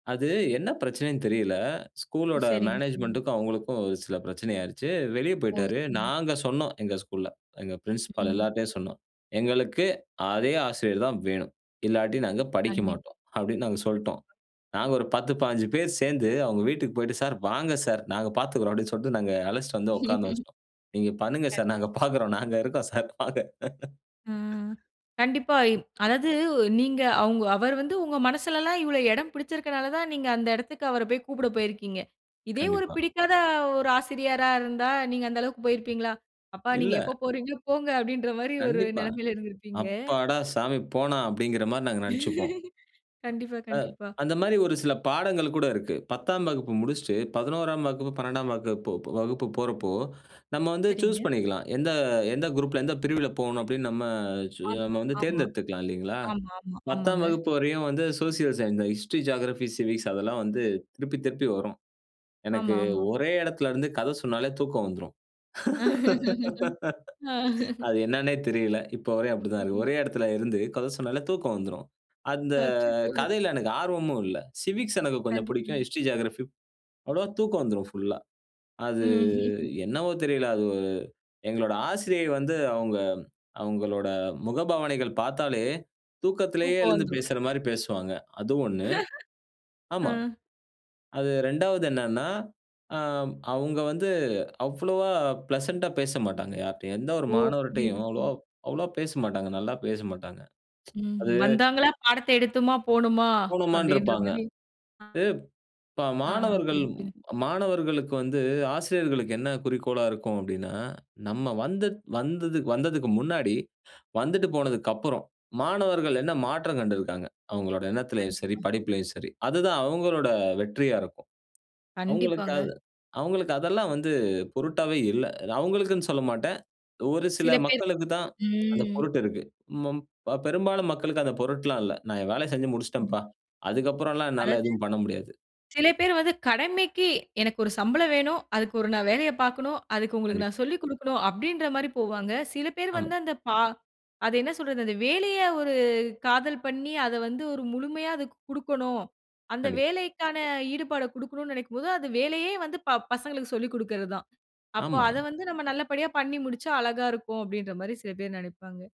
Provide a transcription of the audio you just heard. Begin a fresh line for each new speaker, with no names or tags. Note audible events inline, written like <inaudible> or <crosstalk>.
அது என்ன பிரச்சனைனு தெரியல, ஸ்கூல்
ஓ!
உடைய
சரிங்க, சரிங்க.
மேனேஜ்மென்ட்க்கும் அவங்களுக்கும், ஒரு சில பிரச்சனை ஆயிருச்சு, வெளியே
ஓ!
போய்ட்டார்.
சரிங்க.
நாங்க சொன்னோம் எங்கள் ஸ்கூல்ல, எங்க பிரின்சிபல்
ம்.
எல்லார்ட்டையும் சொன்னோம், "எங்களுக்கு அதே ஆசிரியர் தான் வேணும், இல்லாட்டி நாங்க படிக்க
கண்டிப்பா.
மாட்டோம்," அப்படினு நாங்க சொல்லிட்டோம்.
கண்டிப்பா.
நாங்க ஒரு 10, 15 பேர் சேர்ந்து அவங்க வீட்டுக்கு போய்ட்டு "சார் வாங்க சார், நாங்க பார்த்துக்கிறோம்." அப்படினு சொல்லிட்டு நாங்க அழைச்சிட்டு வந்து உட்காந்த
ம்.
வச்சிட்டோம், "நீங்க பண்ணுங்க சார் நாங்க
கண்டிப்பா.
பார்க்கிறோம், நாங்க இருக்கோம் சார் வாங்க."
ம். கண்டிப்பா, அதாவது நீங்க அவங்க அவர் வந்து உங்க மனசிலலாம் இவ்வளவு இடம் பிடிச்சிருக்கிறனால தான், நீங்க அந்த இடத்திற்கு அவர போய் கூப்பிட போயிருக்கீங்க. இதே ஒரு
கண்டிப்பா.
பிடிக்காத ஒரு ஆசிரியரா இருந்தா நீங்க அந்த அளவுக்கு போயிருப்பீங்களா? "அப்பா நீங்க
இல்ல.
எப்போ போறீங்களோ போங்க," அப்படின்ற மாதிரி ஒரு
கண்டிப்பா,
நிலைமையில இருந்திருப்பீங்க.
"அப்பாடா சாமி போனான்." அப்படிங்கிற மாரி நாங்க நினைச்சிப்போம்.
<laughs> கண்டிப்பா,
அ
கண்டிப்பா.
அந்த மாதிரி ஒரு சில பாடங்கள் கூட இருக்கு. 10தாம் வகுப்பு முடிச்சிட்டு, 11ஆம் வகுப்பு, 12ஆம் வகுப் வகுப்பு போறப்போ, நம்ம வந்து
சரிங்க.
சூஸ் பண்ணிக்கலாம், எந்த எந்த குரூப்ல எந்த பிரிவில போணும் அப்படின்னு நம்ம நம்ம
ஆமா,
வந்து
ஆமா.
தேர்ந்தெடுத்துக்கலாம் இல்லைங்களா?
ஆமாமா.
10தாம்
ஆமாங்க.
வகுப்பு வரையும் வந்து social science, history, geography, civics அதெல்லாம் வந்து திருப்பி திருப்பி வரும்.
ஆமா,
எனக்கு
ஆமா.
ஒரே இடத்தில இருந்து கதை சொன்னாலே தூக்கம் வந்துரும்.
<laughs> ஆ
<laughs> அது என்னானே தெரியல, இப்ப வரையும் அப்படித்தான் இருக்கு.
ம்.
ஒரே இடத்தில இருந்து கதை சொன்னாலே தூக்கம் வந்துரும். அந்த
அச்சச்சோ!
கதையில எனக்கு ஆர்வமும் இல்லை. சிவிக்ஸ் எனக்கு கொஞ்சம் பிடிக்கும்,
கண்டிப்பா.
ஹிஸ்டரி, ஜியோகிராபி அவ்வளவா தூக்கம் வந்துரும் ஃபுல்லா. அது
ம்
என்னவோ தெரியல, அது எங்களுடைய ஆசிரியை வந்து அவங்க அவங்களுடைய முகபாவனைகள் பார்த்தாலே, தூக்கத்திலேயே
தூக்கம்
எழுந்து
வந்துரும்.
பேசுற மாரி பேசுவாங்க. அது 1,
<laughs> ஆ
ஆமா. அது 2 வது என்னனா, ஆ அவங்க வந்து, அவ்வளவா பிளசன்ட்டா பேசமாட்டாங்க யாரிட்டையும், எந்த ஒரு
ஒ! புரியுது,
மாணவர்ட்டையும்
புரிது.
அவ்வளவா அவ்வளவா பேசமாட்டாங்க. நல்லா பேசமாட்டாங்க, <tsk>
ம்
அது
வந்தாங்களா, பாடத்தை எடுத்தோமா போணுமா
போனோமான்னு
அப்படின்ற
இருப்பாங்க.
மாரி அ.
ப் இப்போ
ஆ
மாணவர்கள்
புரிது, புரிது.
மாணவர்களுக்கு வந்து ஆசிரியர்களுக்கு என்ன குறிக்கோளா இருக்கும் அப்படினா, "நம்ம வந்து வந்தது வந்ததுக்கு முன்னாடி வந்துட்டு போனதுக்கப்புறம், மாணவர்கள் என்ன மாற்றம் கண்டிருக்கிறாங்க, அவங்களோட எண்ணத்திலேயும் சரி,
கண்டிப்பா.
படிப்பிலேயும் சரி," அதுதான் அவங்களோட வெற்றியா இருக்கும். அவங்களுக்கு
கண்டிப்பாங்க.
அவங்களுக்கு அதெல்லாம் வந்து பொருட்டாவே இல்லை. அவங்களுக்குனு சொல்லமாட்டேன், ஒரு சில
சில பேர்
மக்களுக்கு தான் அந்த
ம்.
பொருட்டு இருக்கு. மாம் இப்ப பெரும்பாலும் மக்களுக்கு அந்த பொருட்லாம் இல்லை, "நான் என் வேலையை செஞ்சு
ம்.
முடிச்சிட்டேன்பா, அதற்கு அப்புறலாம் என்னால
அதாவது
எதுவும் பண்ண முடியாது."
சில பேர் வந்து கடமைக்கு, "எனக்கு ஒரு சம்பளம் வேணும், அதுக்கு ஒரு நான் வேலையை பார்க்கனும், அதுக்கு உங்களுக்கு நான்
கண்டிப்பா.
சொல்லிக் கொடுக்கணும்," அப்படின்ற மாரி போவாங்க. சில பேர்
ஆமா.
வந்து அந்த பா அது என்ன சொல்றது அந்த வேலையை ஒரு காதல் பண்ணி அதை வந்து ஒரு முழுமையா அதற்கு குடுக்கணும், அந்த
கண்டிப்பா.
வேலைக்கான ஈடுபாட குடுக்கணுனு நினைக்கும் போது, அது வேலையே வந்து ப பசங்களுக்கு சொல்லிக் குடுக்கிறது தான். "அப்போ அத
ஆமாங்க.
வந்து நம்ம நல்லபடியா பண்ணி முடிச்சா அழகா இருக்கும்," அப்படின்ற மாரி சில பேர் நினைப்பாங்க.